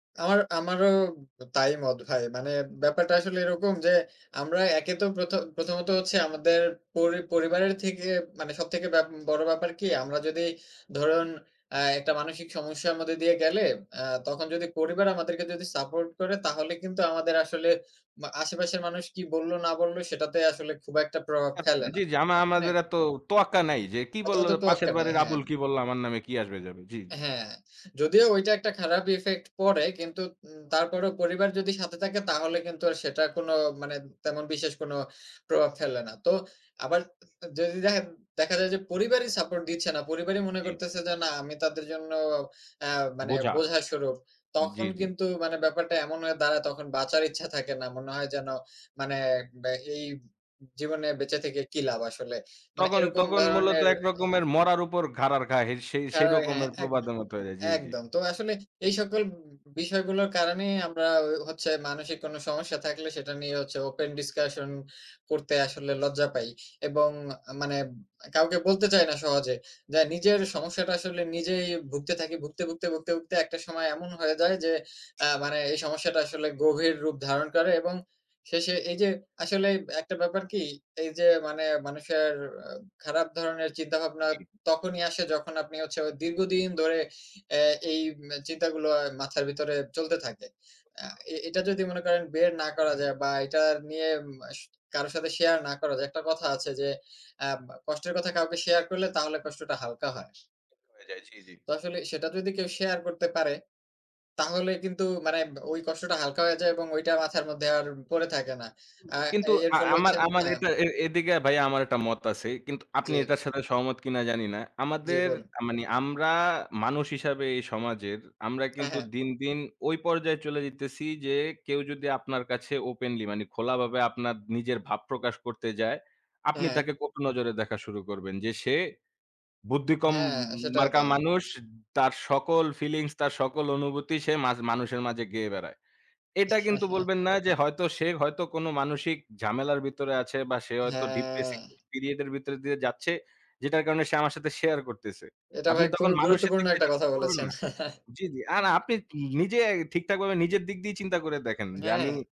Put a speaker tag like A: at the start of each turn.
A: আমার আমারও ব তাই মত ভাই। মানে ব্যাপারটা আসলে এরকম যে, আমরা একে তো প্রথ প্রথমত হচ্ছে আমাদের পরি পরিবারের থেকে মানে সবথেকে ব্যা বড় ব্যাপার কি? আমরা যদি ধরুন, অ্যাঁ একটা মানসিক সমস্যার মধ্যে দিয়ে গেলে, অ্যাঁ তখন যদি পরিবার আমাদেরকে যদি সাপোর্ট করে, তাহলে কিন্তু আমাদের আসলে মা আশেপাশের মানুষ কী বলল না বলল, সেটাতে আসলে খুব একটা প্রভাব
B: আ মা
A: ফেলে না।
B: জি, জি। আমা
A: মানে
B: আমাদের এত তোয়াক্কা নাই যে, কী
A: অত
B: বলল
A: অত
B: পাশের
A: তোয়াক্কা নাই,
B: বাড়ির
A: হ্যাঁ।
B: আবুল, কী বলল আমার নামে, কী আসবে যাবে? জি, জি।
A: হ্যাঁ, যদিও ওইটা একটা খারাপ ইফেক্ট পড়ে, কিন্তু উ তারপরও পরিবার যদি সাথে থাকে, তাহলে কিন্তু আর সেটা কোনো মানে তেমন বিশেষ কোনো প্রভাব ফেলে না। তো আবার আস যদি দেখা দেখা যায়, পরিবারই সাপোর্ট দিচ্ছে না, পরিবারই মনে
B: জি।
A: করতেছে যে না, আমি তাদের জন্য অ্যাঁ মানে
B: বোঝা।
A: বোঝা স্বরূপ।
B: জি,
A: তখন
B: জি।
A: কিন্তু, মানে ব্যাপারটা এমন হয়ে দাঁড়ায় তখন বাঁচার ইচ্ছা থাকে না। মনে হয় যেন, মানে এ বা এই জীবনে বেঁচে থেকে কী লাভ আসলে? মানে,
B: তখন
A: এরকম
B: তখন মূলত
A: ধরনের
B: এক রকমের মরার উপর খাঁড়ার ঘা হেই সেই সেই
A: [unintelligible] হ্যাঁ,
B: রকমের
A: একদ
B: প্রবাদ মতো হয়ে যায়। জি, জি।
A: একদম। তো আসলে এই সকল বি বিষয়গুলোর কারণেই আমরা হ হচ্ছে মানসিক কোনো সমস্যা থাকলে, সেটা নিয়ে হচ্ছে ওপেন ডিসকাশন করতে আসলে লজ্জা পাই এবং মানে ব কাউকে বলতে চাই না সহজে। যা নিজের সমস্যাটা আসলে নিজেই ভুগতে থাকি, ভুগতে, ভুগতে, ভুগতে, ভুগতে একটা সময় এমন হয়ে যায় যে, আ মানে এই সমস্যাটা আসলে গভীর রূপ ধারণ করে। এবং শেষে এইযে আসলে অ্যাঁ একটা ব্যাপার কি এইযে মানে মানুষের আ খারাপ ধরনের চিন্তাভাবনা
B: জি।
A: তখনই আসে যখন আপনি হচ্ছে দীর্ঘদিন ধরে আ এই মে চিন্তাগুলো মাথার ভিতরে চলতে থাকে। আ
B: [unintelligible]
A: এ এটা যদি মনে করেন বের না করা যায় বা এটা নিয়ে মাস কারো সাথে শেয়ার না করা যায়, একটা কথা আছে যে আ বা কষ্টের কথা কাউকে শেয়ার করলে তাহলে কষ্টটা হালকা হয়
B: অ হয়ে যায়। জি, জি।
A: তো আসলে সেটা যদি কেউ শেয়ার করতে পারে, তাহলে কিন্তু মানে ব ওই কষ্টটা হালকা হয়ে যায় এবং ওইটা মাথার মধ্যে আর পরে থাকে না।
B: উ
A: আ
B: কিন্তু
A: এর
B: আ
A: ফলে
B: আমার
A: হচ্ছে
B: আমার
A: হ্যাঁ।
B: এটা এ এদিকে ভাই আমার একটা মত আছে। কিন্তু
A: জি।
B: আপনি এটার সাথে সহমত কিনা জানি না।
A: জি,
B: আমাদের
A: বন
B: আ মানি, আমরা মানুষ হিসেবে এই সমাজের আমরা
A: হ্যাঁ,
B: কিন্তু
A: হ্যাঁ।
B: দিন, দিন ওই পর্যায়ে চলে যাইতেছি যে, কেউ যদি আপনার কাছে ওপেনলি, মানে খোলাভাবে আপনার নিজের ভাব প্রকাশ করতে যায়,
A: হ্যাঁ,
B: আপনি
A: হ্যাঁ।
B: তাকে কটু নজরে দেখা শুরু করবেন যে সে বুদ্ধিকম
A: হ্যাঁ, সেটাই
B: মার্কা
A: তো।
B: মানুষ। তার সকল ফিলিংস, তার সকল অনুভূতি সে মাঝ মানুষের মাঝে গেয়ে বেড়ায়। এটা কিন্তু বলবেন না, যে হয়তো সে হয়তো কোনো মানসিক ঝামেলার ভিতরে আছে, বা সে হয়তো ডিপ্রেসিভ
A: হ্যাঁ।
B: পিরিয়ড এর ভিতর দিয়ে যাচ্ছে, যেটার কারণে সে আমার সাথে শেয়ার করতেছে।
A: এটা
B: আপনি
A: ভাই,
B: তখন
A: খুবই
B: মানুষের
A: গুরুত্বপূর্ণ
B: দিক দিয়ে
A: একটা
B: চিন্তা
A: কথা
B: করবেন
A: বলেছেন।
B: না জি, জি। আর আপনি ন নিজে ঠিকঠাকভাবে নিজের দিক দিয়েই চিন্তা করে দেখেন, যে আমি
A: হ্যাঁ।